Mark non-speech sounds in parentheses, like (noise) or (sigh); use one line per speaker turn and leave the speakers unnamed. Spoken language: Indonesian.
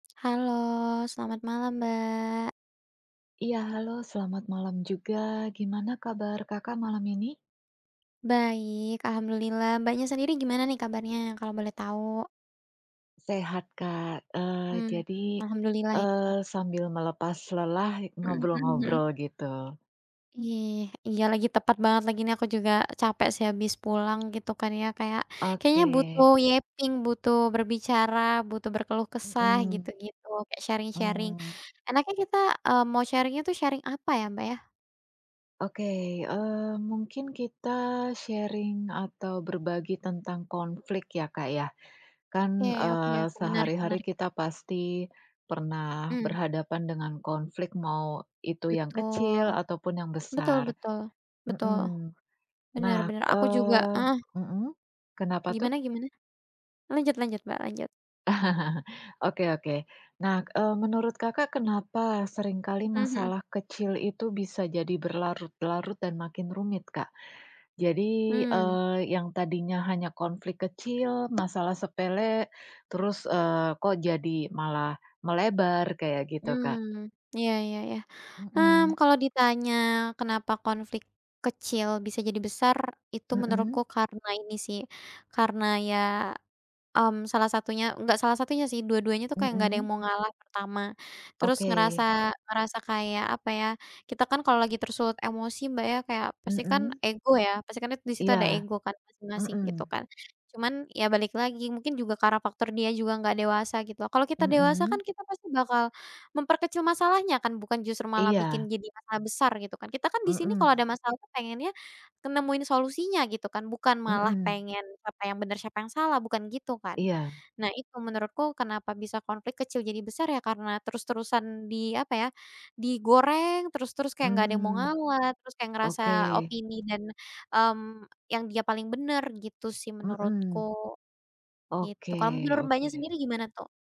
Halo, selamat malam, Mbak.
Ya halo selamat malam juga. Gimana kabar Kakak malam ini?
Baik, alhamdulillah. Mbaknya sendiri gimana nih kabarnya, kalau boleh tahu?
Sehat Kak, eee,
Mhm,
jadi,
alhamdulillah ya.
eee, sambil melepas lelah,
Mhm hmm.
ngobrol-ngobrol gitu.
Eh, iya lagi tepat banget lagi nih aku juga capek sih habis pulang gitu kan ya kayak kayaknya
Oke.
butuh yapping, butuh berbicara, butuh berkeluh kesah
Mmm.
gitu-gitu, kayak sharing-sharing.
Mmm.
Enaknya kita, eee, mau sharing itu sharing apa ya Mbak ya?
Oke, eee, mungkin kita sharing atau berbagi tentang konflik ya Kak ya.
Oke
Kan,
oke
eee,
oke
sehari-hari
menarik-menarik.
kita pasti pernah
Mmm.
berhadapan dengan konflik, mau itu yang kecil
Betul,
ataupun yang
betul
besar.
betul, betul
Mmm.
benar
Nah,
benar aku juga
eee
heeh.
mmm, kenapa tuh?
Gimana gimana? Lanjut lanjut Mbak lanjut.
(chuckles) Oke oke. Nah, eee, menurut Kakak kenapa sering kali
Mhm.
masalah kecil itu bisa jadi berlarut-larut dan makin rumit Kak? Jadi,
Mmm.
eee, yang tadinya hanya konflik kecil, masalah sepele, terus, eee, kok jadi malah melebar? Kayak gitu, Kak.
Mmm iya ya ya.
Mmm.
Mmm, kalau ditanya (clicks tongue) kenapa konflik kecil bisa jadi besar, itu menurutku
Mmm.
karena ini sih, karena ya, mmm, salah satunya, enggak salah satunya sih, dua-duanya tuh kayak nggak ada yang
Mmm.
mau ngalah, (clicks tongue) pertama. Terus
Oke.
ngerasa ngerasa kayak, apa ya, kita kan kalau lagi tersulut emosi Mbak ya, kayak pastikan
Mmm.
ego ya, pasti kan det di situ ada
Iya.
ego kan, masing-masing gitu
Mmm.
kan. Cuman, ya balik lagi mungkin juga karena faktor dia juga nggak dewasa gitu. Kalau kita dewasa kan
Mmm.
kita pasti bakal memperkecil masalahnya kan, bukan justru malah bikin
Iya.
jadi masalah besar gitu kan. Kita kan di sini
Mmm.
kalau ada masalah pengennya, kan nemuin solusinya gitu kan. Bukan malah
Mmm.
pengen siapa yang benar, siapa yang salah, bukan gitu kan.
Iya.
Nah itu menurutku kenapa bisa konflik kecil jadi besar ya karena terus-terusan di apa ya, digoreng terus terus kayak nggak ada yang mau
Mmm.
ngalah terus kayak ngerasa
Oke.
opini dan, mmm, yang dia paling benar gitu sih menurutku,
Mmm.
gitu.
Oke
Kalau menurut Mbaknya
oke.
sendiri gimana tuh?